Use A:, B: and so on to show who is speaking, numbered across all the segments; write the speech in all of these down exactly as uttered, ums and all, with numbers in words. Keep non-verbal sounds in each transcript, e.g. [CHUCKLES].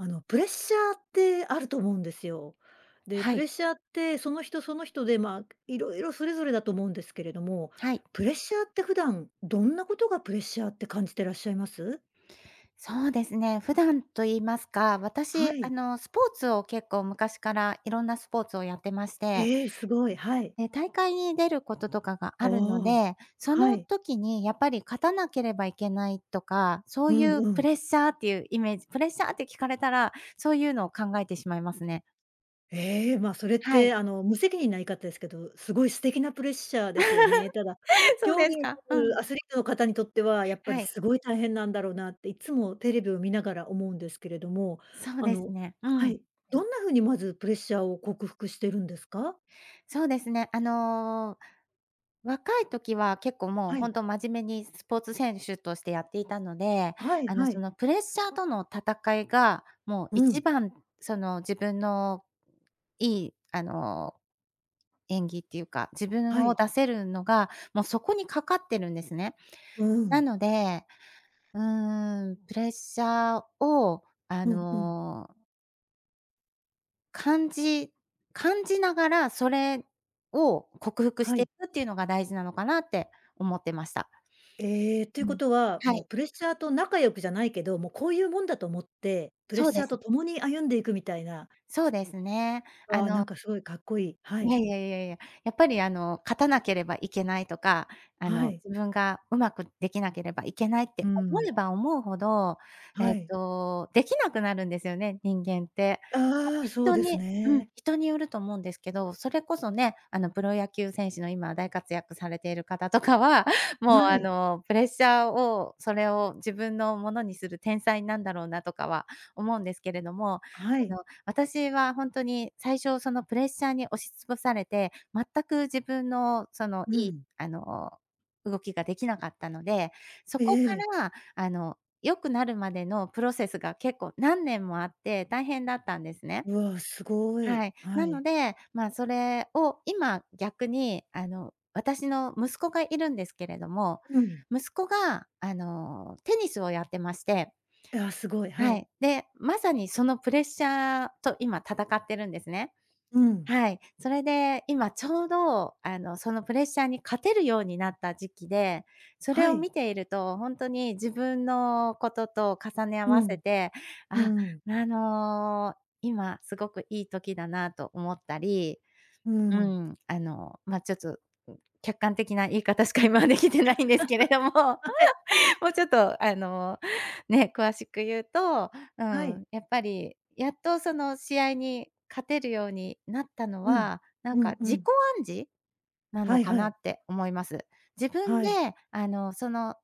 A: あの、プレッシャーってあると思うんですよ。で、
B: は
A: プレッ
B: い。
A: シャーって、その人その人で、ま、色々それぞれだと思うんですけれども、
B: はい。
A: プレッシャーって普段、どんなことがプレッシャーって感じてらっしゃいます？
B: そうですね、普段と言いますか、私、
A: は
B: あ
A: い。
B: の、スポーツを結構昔からいろんなスポーツをやってまして。
A: ええ、すごい、はい。
B: え、大会に出ることとかがあるの
A: おお。
B: で、そ
A: は
B: の
A: い。
B: 時にやっぱり勝たなければいけないとか、そ
A: う
B: ういう
A: んう
B: プ
A: ん。
B: レッシャーっていうイメージ、プレッシャーって聞かれたら、そういうのを考えてしまいますね。
A: ええ、ま、それっ
B: はい。
A: て、あの、無責任な言い方ですけど、すごい素敵なプレッシャーですよね。ただ、
B: [LAUGHS] そう
A: 競
B: で
A: 技
B: すか？うん。
A: [UNINTELLIGIBLE] アスリートの方にとっては、やっぱ
B: は
A: り
B: い。
A: すごい大変なんだろうなって、いつもテレビを見ながら思うんですけれども。
B: そう
A: あ
B: で
A: の
B: すね。う
A: は
B: ん。
A: い。どんな風にまずプレッシャーを克服してるんですか？
B: そうですね。あの、若い時は結構もう
A: は
B: ほ
A: い。
B: んと真面目にスポーツ選手としてやっていたので、
A: はい
B: あの、
A: は
B: そ
A: い。
B: のプレッシャーとの戦いが、もう
A: うん。
B: 一番、その、自分のいい、あの、演技っていうか、自
A: は
B: 分を
A: い。
B: 出せるのが、もうそこにかかってるんですね。
A: うー
B: な
A: ん。
B: ので、うーん、プレッシャーを、あ
A: うんうん。
B: の感じ感じながらそれを克服し
A: は
B: てい
A: い。
B: くっていうのが大事なのかなって思ってました。
A: ええ、という
B: う
A: こ
B: ん、
A: とは、
B: は
A: もう
B: い。
A: プレッシャーと仲良くじゃないけど、も、こういうもんだと思って、プレッ
B: そう
A: シ
B: で
A: ャー
B: す。
A: と共に歩んでいくみたいな。
B: そうですね。
A: わ
B: あ
A: あ、な
B: の
A: んか、すごいかっこいい。は
B: い
A: い。
B: やいやいやいや、やっぱり、あの、勝たなければいけないとか、あ
A: は
B: の、
A: い。
B: 自分がうまくできなければいけないって
A: うー
B: 思
A: ん。
B: えば思うほど、え
A: は
B: っ
A: い。
B: と、できなくなるんですよね、人間って。まあ、
A: ああ、そう
B: 人
A: です
B: にうん、
A: ね。
B: 人によると思うんですけど。それこそね、あの、プロ野球選手の今大活躍されている方とかは、もう、
A: は
B: あ
A: い。
B: の、プレッシャーを、それを自分のものにする天才なんだろうなとかは思うんですけれども、
A: あ、は
B: あの、
A: い。
B: 私はほんとに最初そのプレッシャーに押しつぶされて、全く自分の、その、
A: う
B: いい、
A: ん。
B: あの、動きができなかったので、そ
A: え
B: こか
A: え。
B: ら、あの、良くなるまでのプロセスが結構何年もあって、大変だったんですね。
A: うわ、すごい。
B: はい。
A: は
B: な
A: い。
B: ので、ま、それを今逆に、あの、私の息子がいるんですけれども、
A: うん。
B: 息子が、あの、テニスをやってまして
A: いや、すごい。は
B: は
A: い。
B: い、で、まさにそのプレッシャーと今、戦ってるんですね。
A: うん。
B: はい、それで今ちょうど、あの、そのプレッシャーに勝てるようになった時期で、それ
A: は
B: を
A: い。
B: 見ているとほんとに自分のことと重ね合
A: う
B: わせ
A: ん。
B: て、
A: うー
B: あ、
A: ん。
B: なの、今すごくいい時だなと思ったり、
A: うー
B: う
A: ん。
B: ん、あの、ま、ちょっと客観的な言い方しか今はできてないんですけれども、
A: [CHUCKLES] はい。
B: [LAUGHS] もうちょっと、あの、ね、詳しく言うと、う
A: はい。
B: ん、やっぱりやっとその試合に勝てるようになったの
A: うん。
B: は、なん
A: う
B: か、
A: んう
B: 自己
A: ん。
B: 暗示な
A: は
B: の
A: い
B: か
A: は
B: な
A: い。
B: って思います。自分
A: は
B: で、
A: い。
B: あの、その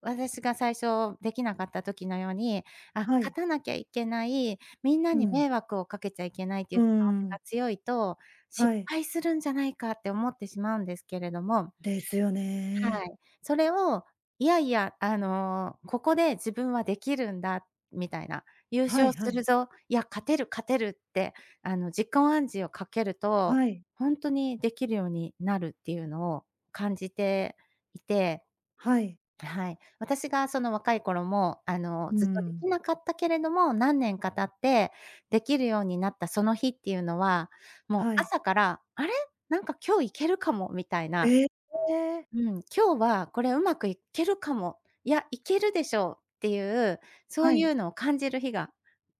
B: 私が最初できなかった時のように、あ、
A: はい。
B: 勝たなきゃいけない、みんな
A: う
B: に
A: ん。
B: 迷惑をかけちゃいけないとい
A: う
B: う
A: ー
B: 気持ち
A: ん。
B: が強いと、
A: は
B: 失
A: い。
B: 敗するんじゃないかって思ってしまうんですけれども
A: ですよ
B: は
A: ね。
B: い。それを、いやいや、あの、ここで自分はできるんだ、みたいな。優
A: は
B: 勝
A: いは
B: する
A: い。
B: ぞ、いや、勝てる、勝てるって、あの、自己暗示をかけると、
A: はい。
B: ほんとにできるようになるっていうのを感じていて。
A: はい。
B: はい。私がその若い頃も、あの、
A: うー
B: ずっとで
A: ん。
B: きなかったけれども、何年か経ってできるようになったその日っていうのは、もう
A: はい。
B: 朝から、「あれ、なんか、今日行けるかも」みたいな。
A: ええ、ええ。
B: 「うん、今日はこれうまくいけるかも、いや、いけるでしょう」っていう、そう
A: は
B: い
A: い。
B: うのを感じる日が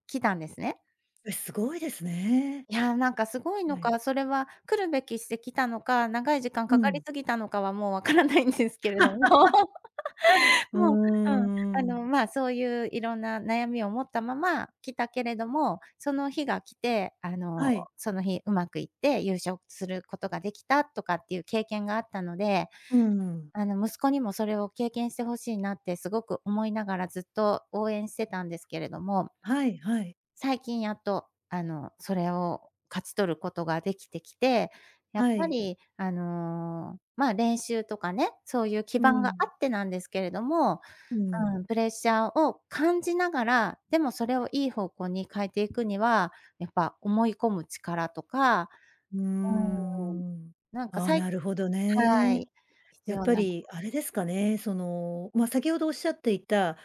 B: 来たんですね。
A: え、すごいですね。
B: いや、なんか、すごいの
A: はい。
B: か、それは来るべきしてきたのか、長い時間
A: う
B: かかり
A: ん。
B: すぎたのかはもう分からないんですけれども。
A: [LAUGHS] うー
B: もう、うん、
A: ん、
B: あ
A: うん。
B: の、ま、そういういろんな悩みを持ったまま来たけれども、その日が来て、あ
A: は
B: の、
A: い。
B: その日うまくいって優勝することができたとかっていう経験があったので、
A: うーん。
B: あの、息子にもそれを経験して欲しいなってすごく思いながら、ずっと応援してたんですけれども。
A: はいはい。
B: 最近やっと、あの、それを勝ち取ることができてきて、やっ
A: は
B: ぱ
A: い。
B: り、あの、ま、練習とかね、そういう基
A: う
B: 盤があ
A: ん。
B: ってなんですけれども、
A: うん。
B: うん、プレッシャーを感じながら、でもそれをいい方向に変えていくには、やっぱ思い込む力とか、
A: うー
B: う
A: ん。
B: ーん、なんか、
A: あ、
B: さい
A: なるほど
B: は
A: ね。
B: い、必
A: やっ
B: 要
A: ぱ
B: な。
A: り、あれですかね、その、ま、先ほどおっしゃっていた、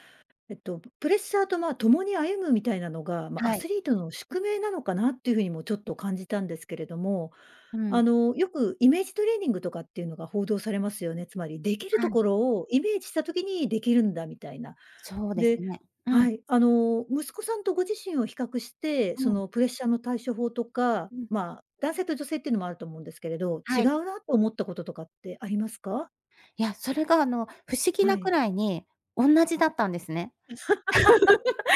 A: えっと、プレッシャーと、ま、共に歩むみたいなのが、ま、ア
B: はい。
A: スリートの宿命なのかなっていうふうにもちょっと感じたんですけれども。
B: う
A: あ
B: ん。
A: の、よくイメージトレーニングとかっていうのが報道されますよね。つまりできる
B: は
A: と
B: い。
A: ころをイメージした時にできるんだみたいな。
B: そうで
A: で
B: すね。うん。
A: はい。あの、息子さんとご自身を比較して、
B: う
A: そ
B: ん。
A: の、プレッシャーの対処法とか、
B: うん。
A: ま、男性と女性っていうのもあると思うんですけれど、違
B: はい。
A: うなと思ったこととかってありますか？
B: いや、それが、あの、不思議
A: は
B: なく
A: い。
B: らいに同じだったんですね。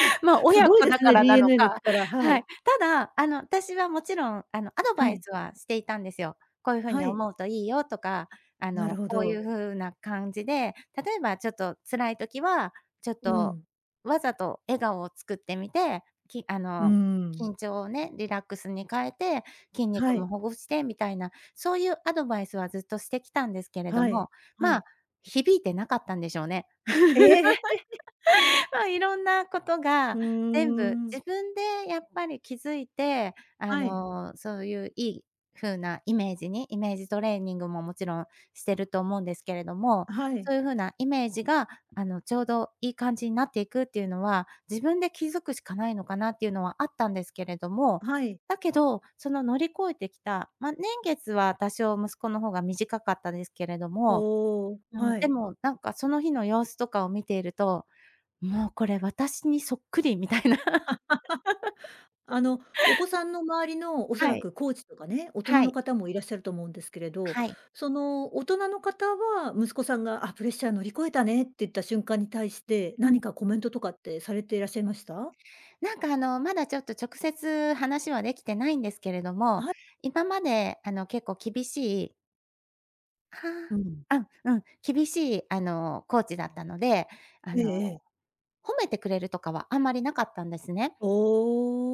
B: [LAUGHS] ま、
A: す
B: 親
A: ごい
B: 子
A: で
B: だ
A: す
B: か
A: ね、
B: らなの
A: DNA の
B: か、
A: 力、は
B: は
A: い。
B: い。ただ、あの、私はもちろん、あの、アド
A: は
B: バイ
A: い。
B: スはしていたんですよ。こういうふう
A: は
B: に
A: い。
B: 思うといいよとか、あ
A: なる
B: の、
A: ほ
B: こうい
A: ど。
B: うふうな感じで、例えばちょっと辛い時は、ちょっ
A: う
B: と
A: ん。
B: わざと笑顔を作ってみて、きあ
A: うー
B: の、
A: ん。
B: 緊張をね、リラックスに変えて、筋
A: は
B: 肉も
A: い。
B: ほぐしてみたいな、そういうアドバイスはずっとしてきたんですけれど
A: はい、
B: も、
A: は
B: ま、
A: い。
B: 響いてなかったんでしょうね。
A: ええ。[LAUGHS]
B: [LAUGHS] ま、いろんなこと
A: ふ
B: が
A: ー
B: 全部
A: ん。
B: 自分でやっぱり気づいて、あ
A: はい。
B: の、そういういい風なイメージに、イメージトレーニングももちろんしてると思うんですけれども、
A: あ、はい。
B: そういう風なイメージが、あの、ちょうどいい感じになっていくっていうのは、自分で気づくしかないのかなっていうのはあったんですけれども。
A: あ、はい。
B: だけど、その乗り越えてきた、ま、年月は多少息子の方が短かったですけれども、
A: おお、
B: うん、
A: は
B: で
A: い。
B: も、なんか、その日の様子とかを見ていると、もうこれ私にそっくりみたいな。
A: [LAUGHS] あの、お
B: [LAUGHS]
A: 子さんの周りの、おそ
B: は
A: ら
B: い。
A: くコーチとかね、大人
B: は
A: の
B: い。
A: 方もいらっしゃると思うんですけれど、
B: はい。
A: その、大人の方は、息子さんが、「あ、プレッシャー乗り越えたね」って言った瞬間に対して、
B: うん。
A: 何かコメントとかってされていらっしゃいました？
B: なんか、あの、まだちょっと直接話はできてないんですけれど
A: あ
B: も、
A: は。
B: 今まで、あの、結構厳しいは
A: う
B: あ。
A: ん。
B: あ、うん、厳しいあのコーチだったので、あ
A: ええ
B: の、
A: ええ。
B: 褒めてくれるとかはあんまりなかったんですね。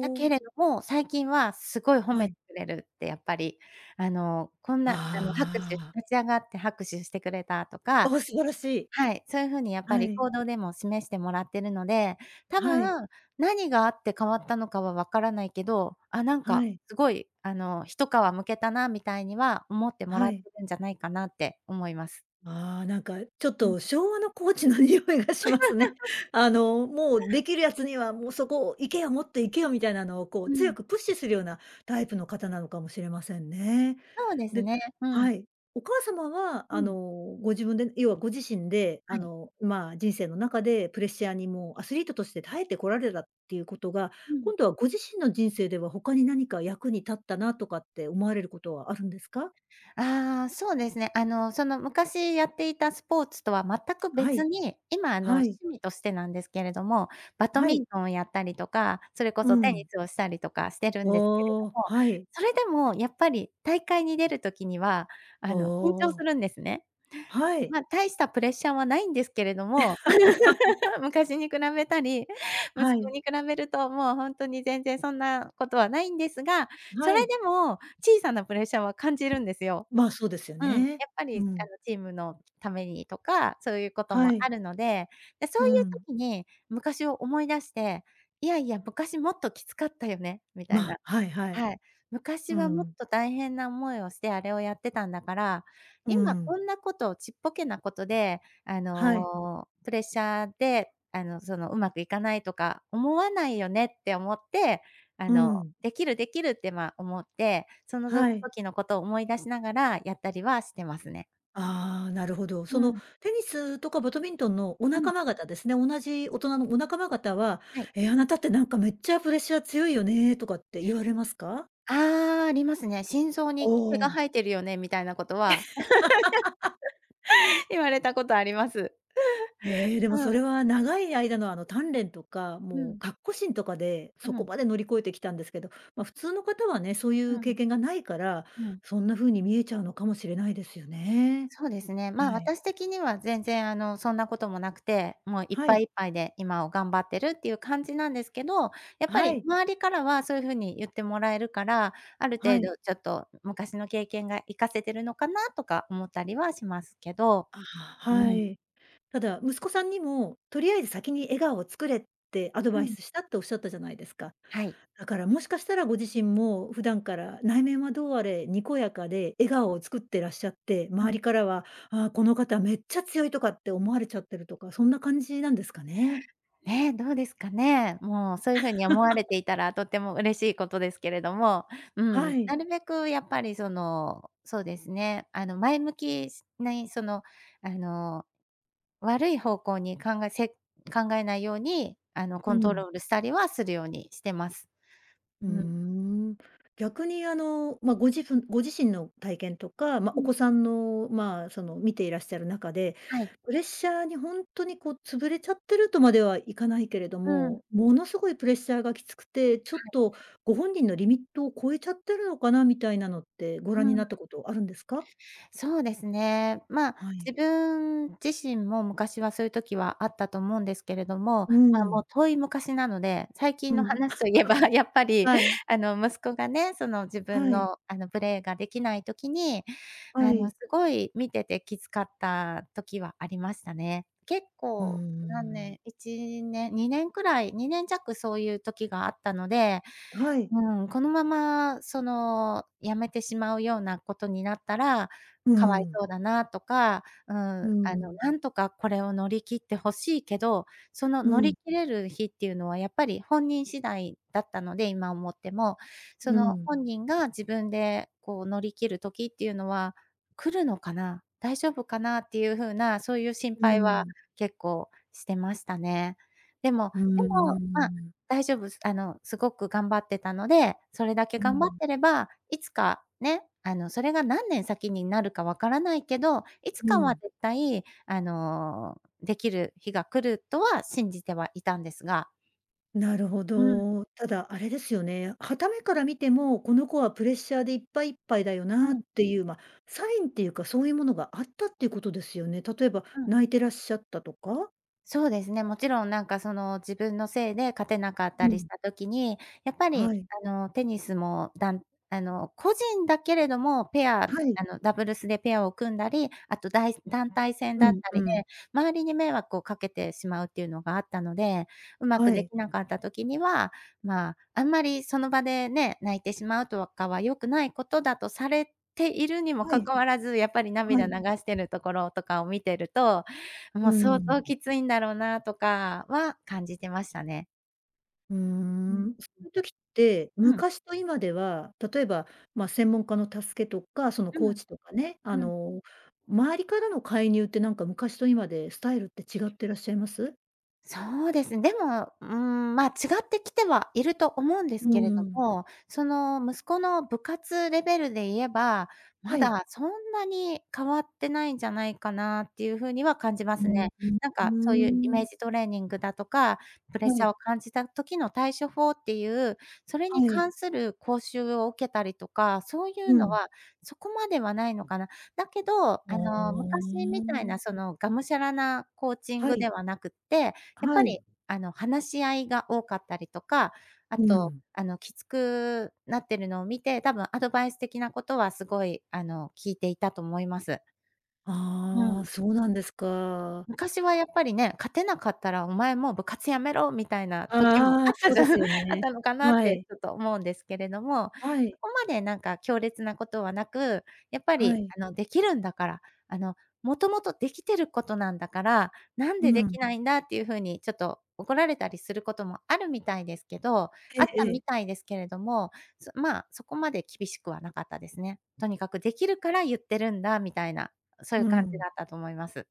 B: だけ
A: お。
B: れども、最近はすごい褒
A: は
B: めて
A: い。
B: くれるってやっぱり。あの、こんなあの拍手
A: ああ。
B: 立ち上がって拍手してくれたとか、
A: ああ、素晴らしい。
B: はい、そういうふうにやっぱ
A: は
B: り
A: い。
B: 行動でも示してもらってるので、多
A: はい。
B: 分何があって変わったのかはわからないけど、あ、なんか、
A: はい。
B: すごいあの、一皮むけたなみたいには思ってもら
A: は
B: って
A: い。
B: るんじゃないかなって思います。
A: ああ、なんかちょっ
B: うん。
A: と昭和のコーチの匂いがしますね。
B: [LAUGHS]
A: あのもうできる奴にはもうそこ行けよもっと行けよみたいなのをこう
B: う
A: 強
B: ん。
A: くプッシュするようなタイプの方なのかもしれませんね。
B: そうです
A: で、
B: ね、うん。
A: はい。お母様は
B: う
A: あの
B: ん。
A: ご自分で、要はご自身で、
B: は
A: あ
B: い。
A: の、まあ、人生の中でプレッシャーにもうアスリートとして耐えてこられたっていうことが、
B: うん。
A: 今度はご自身の人生では他に何か役に立ったなとかって思われることはあるんですか？
B: ああ、そうですね。あのその昔やっていたスポーツとは全く
A: は
B: 別
A: い、
B: に、今あの
A: はい。
B: 趣味としてなんですけれども、バト
A: は
B: ミン
A: い。
B: トンをやったりとか、それこ
A: う
B: そテニ
A: ん。
B: スをしたりとかしてるんですけれ
A: おお、
B: ども、
A: はい。
B: それでもやっぱり大会に出る時には、
A: お
B: あの緊張
A: お。
B: するんですね。
A: はい。
B: ま、大したプレッシャーはないんですけれども、
A: [LAUGHS]
B: [LAUGHS] 昔に比べたり、息
A: は
B: 子
A: い。
B: に比べると、もうほんとに全然そんなことはないんですが、そ
A: は
B: れ
A: い。
B: でも小さなプレッシャーは感じるんですよ。
A: ま、そうですよ
B: うん、やっ
A: ね。
B: ぱり
A: う
B: あ
A: ん。
B: のチームのためにとか、そういうことも
A: はい。
B: あるので、でそ
A: う
B: ういう
A: ん。
B: 時に昔を思い出して、いやいや、昔もっときつかったよねみたいな。
A: ま、はいはい。
B: はい。昔
A: う
B: はもっ
A: ん。
B: と大変な思いをしてあれをやってたんだから、
A: う
B: 今こ
A: ん。
B: んなことをちっぽけなことで、あ
A: はい。
B: の、プレッシャーであのそのうまくいかないとか思わないよねって思って、あ
A: う
B: の、
A: ん。
B: できるできるってまあ思って、そのぞ
A: はい。
B: 時のことを思い出しながらやったりはしてますね。
A: ああ、なるほど。そ
B: う
A: の
B: ん。
A: テニスとかバトミントンのお
B: うん。
A: 仲間方ですね、同じ大人のお仲間方は、
B: はい。
A: ええ、あなたってなんかめっちゃプレッシャー強いよねとかって言われますか？
B: ああ、ありますね。心臓
A: お
B: に毛が
A: お。
B: 生えてるよねみたいなことは
A: [LAUGHS]
B: [LAUGHS] 言われたことあります。
A: ええ、で
B: [LAUGHS]
A: も
B: う
A: そ
B: ん。
A: れは長い間のあの鍛錬とか、
B: う
A: もう
B: ん。
A: かっこしんとかで、
B: う
A: そこ
B: ん。
A: まで乗り越えてきたんですけど、ま、普通の方はね、そうい
B: う
A: う経
B: ん、
A: 験がないから、
B: うん。
A: そんな風に見えちゃうのかもしれないですよね。
B: そうですね。ま、
A: はい。
B: 私的には全然あのそんなこともなくて、もういっ
A: は
B: ぱ
A: い。
B: い、いっぱいで今を頑張ってるっていう感じなんですけど、やっぱ
A: は
B: り
A: い。
B: 周りからはそういうふうに言ってもらえるから、ある
A: は
B: 程
A: い。
B: 度ちょっと昔の経験が活かせてるのかなとか思ったりはしますけど。
A: ああ、
B: う
A: は
B: ん。
A: い。ただ、息子さんにも、とりあえず先に笑顔を作れってアド
B: う
A: バイ
B: ん。
A: スしたっておっしゃったじゃないですか。
B: はい。
A: だからもしかしたらご自身も普段から内面はどうあれにこやかで笑顔を作ってらっしゃって、
B: う
A: 周
B: ん。
A: りからは、ああ、この方めっちゃ強いとかって思われちゃってるとか、そんな感じなんですかね。
B: ね、どうですかね。もうそういうふうに思われ
A: [LAUGHS]
B: ていたらとっても嬉しいことですけれども、う
A: は
B: ん、
A: い。
B: なるべくやっぱりその、そうですね、あの前向きしない、そのあの、悪い方向に考えせ考えないようにあの
A: う
B: コント
A: ん。
B: ロールしたりはするようにしてます。う
A: ふう
B: ん。
A: ん。逆にあの、ま、ご自分ご自身の体験とか、ま、
B: う
A: お
B: ん。
A: 子さんのまあ、その見ていらっしゃる中で、
B: はい。
A: プレッシャーにほんとにこう潰れちゃってるとまではいかないけれど
B: うん。
A: も、ものすごいプレッシャーがきつくて、ちょ
B: は
A: っ
B: い。
A: とご本人のリミットを超えちゃってるのかなみたいなのってご覧
B: う
A: にな
B: ん。
A: ったことあるんですか？
B: そうですね。ま、
A: はい。
B: 自分自身も昔はそういう時はあったと思うんですけれども、
A: うー
B: ま、もう
A: ん。
B: 遠い昔なので、最近
A: う
B: の
A: ん。
B: 話といえばやっ
A: [CHUCKLES]
B: ぱり
A: はい。
B: あの息子がね、その自分
A: はい。
B: のあのプレーができない時に
A: は
B: あの
A: い。
B: すごい見ててきつかった時はありましたね。結
A: うー
B: 構何
A: ん。
B: 年、いち、にねん、にねんくらい、にねん弱そういう時があったので、
A: はい。
B: うん、このままその、辞めてしまうようなことになったら、
A: う
B: かわい
A: ん。
B: そうだなとか、うん。
A: う
B: あの
A: ん。
B: なんとかこれを乗り切って欲しいけど、その
A: う
B: 乗り
A: ん。
B: 切れる日っていうのはやっぱり本人次第だったので、今思っても、そ
A: う
B: の
A: ん。
B: 本人が自分でこう乗り切る時っていうのは来るのかな、大丈夫かなっていう風な、そういう心
A: う
B: 配は
A: ん。
B: 結構してましたね。でも、
A: うー
B: でも、ま、
A: ん。
B: 大丈夫す、あのすごく頑張ってたので、それだけ
A: う
B: 頑張っ
A: ん。
B: てれば、いつか、ね、あのそれが何年先になるかわからないけど、いつ
A: う
B: かは
A: ん。
B: 絶対あの、できる日が来るとは信じてはいたんですが。
A: なるほ
B: うん。
A: ど。ただ、あれですよね。傍目から見ても、この子はプレッシャーでいっぱい、いっぱいだよ
B: う
A: なっ
B: ん。
A: ていう、ま、サインっていうかそういうものがあったっていうことですよね。例えば、
B: うん。
A: 泣いてらっしゃったとか？
B: そうですね。もちろんなんかその自分のせいで勝てなかった
A: う
B: りし
A: ん。
B: た時に、やっぱり
A: はい。
B: あのテニスもだんあの個人だけれども、ペア
A: はい。
B: あのダブルスでペアを組んだり、あとだい団体戦だ
A: う
B: っ
A: ん
B: た
A: う
B: りで、
A: ん。
B: 周りに迷惑をかけてしまうっていうのがあったので、うま
A: は
B: くで
A: い。
B: きなかった時には、まあ、あんまりその場でね、泣いてしまうとかは良くないことだとされているにも
A: は
B: か
A: い。
B: かわらず、やっぱり
A: は
B: 涙流
A: い。
B: してるところとかを見てると、
A: う
B: もう
A: ー
B: 相
A: ん。
B: 当きついんだろうなとかは感じてましたね。
A: ふー
B: うん、
A: ん。そういう時って、
B: うん。うん。
A: 昔と今では、例えば、まあ、専門家の助けとか、その、
B: う
A: コー
B: ん。
A: チとかね、あ
B: うん。
A: の、周りからの介入って、なんか、昔と今でスタイルって違っていらっしゃいます？
B: そうです。でも、うーん、まあ、違ってきてはいると思うんで
A: う
B: すけれ
A: ー
B: ど
A: ん。
B: も。その、息子の部活レベルで言えば、
A: は
B: ま
A: い。
B: だそんなに変わってないんじゃないかな、っていう風には感じま
A: う
B: す
A: ん
B: ね。
A: うん
B: なんか、そういうイ
A: うー
B: メー
A: ん。
B: ジトレーニングだとか、プレッシ
A: は
B: ャー
A: い。
B: を感じた時の対処法っていう、それに
A: はい。
B: 関する講習を受けたりとか、そういう
A: う
B: の
A: ん。
B: は、そこまではないのかな。だけど、
A: ふ
B: あの、昔みたい
A: ん。
B: な、その、がむしゃらなコーチン
A: は
B: グ
A: い。
B: ではなくって、やっ
A: は
B: ぱ
A: い。
B: り、あの、話し合いが多かったりとか、あ
A: う
B: と、
A: ん。
B: あの、きつくなってるのを見て、多分アドバイス的なことは、凄い、あの、聞いていたと思います。う
A: ああ。
B: ん。
A: そうなんですか。
B: 昔はやっぱりね、勝てなかったら「お前もう部活辞めろ」みたいな時も、
A: ああ、
B: あった
A: そう
B: じ
A: で
B: ゃんあ
A: す
B: っ
A: よね。
B: たのかなっ
A: は
B: て、
A: い。
B: ちょっと思うんですけれども。
A: はい。
B: そこまで、なんか、強烈な事はなく、やっぱ
A: は
B: り、
A: い。
B: あの、出来るんだからあの「元々できてる事なんだから、なん
A: う
B: で出
A: ん。
B: 来ないんだ」っていう風に、ちょっと怒られたりする事もあるみたいですけど、
A: え
B: あ
A: え
B: った
A: え
B: み
A: え。
B: たいですけれども、そま、そこまで厳しくはなかったですね。とにかく「出来るから言ってるんだ」みたいな、そういう
A: う
B: 感じ
A: ん。
B: だったと思います。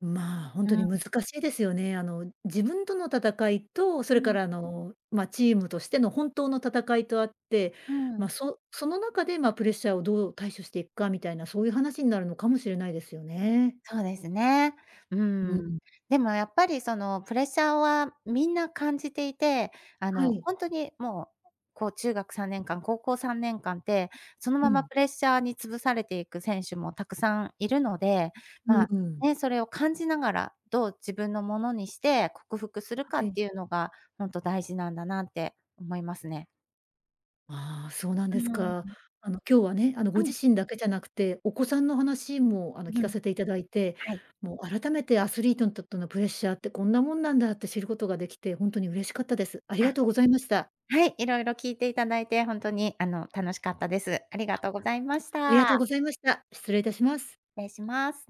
A: まあ、本
B: う
A: 当に
B: ん。
A: 難しいですよね。あの、自分との戦いと、そ
B: う
A: れか
B: ん。
A: ら、あの、ま、チームとしての本当の戦いとあって。
B: うー
A: ま、
B: ん。
A: そその中で、ま、プレッシャーをどう対処していくかみたいな、そういう話になるのかもしれないですよね。
B: そうですね。う
A: う
B: ーん。
A: ん。
B: でも、やっぱり、その、プレッシャーは皆感じていて、あ
A: は
B: の、
A: い。
B: ほんとに、もう、こう、中学さんねんかん、高校さんねんかんって、その
A: う
B: まま
A: ん。
B: プレッシャーに潰されていく選手も沢山いるので。
A: うん
B: まあ、
A: うん。
B: ね、それを感じながら、どう自分のものにして克服するか
A: は
B: っ
A: い。
B: ていうのが、ほんと大事なんだなって思いますね。
A: ああ、そうなん
B: う
A: です
B: ー
A: か。
B: ん。
A: あの、今日はね、あの、ご
B: う
A: 自
B: ん。
A: 身だけじゃなくてお子さんの話も、あの、聞
B: う
A: か
B: ん。
A: せて頂いて、
B: はい。
A: もう改めてアスリートにとってのプレッシャーって、こんなもんなんだって知る事が出来て、ほんとに嬉しかったです。ありが
B: あ、
A: とうございました。
B: はい、色々聞いて頂いてほんとに、あの、楽しかったです。あり
A: あ。
B: がとうございまし
A: ありがとう
B: た。
A: ございました。失礼致します。
B: 礼します。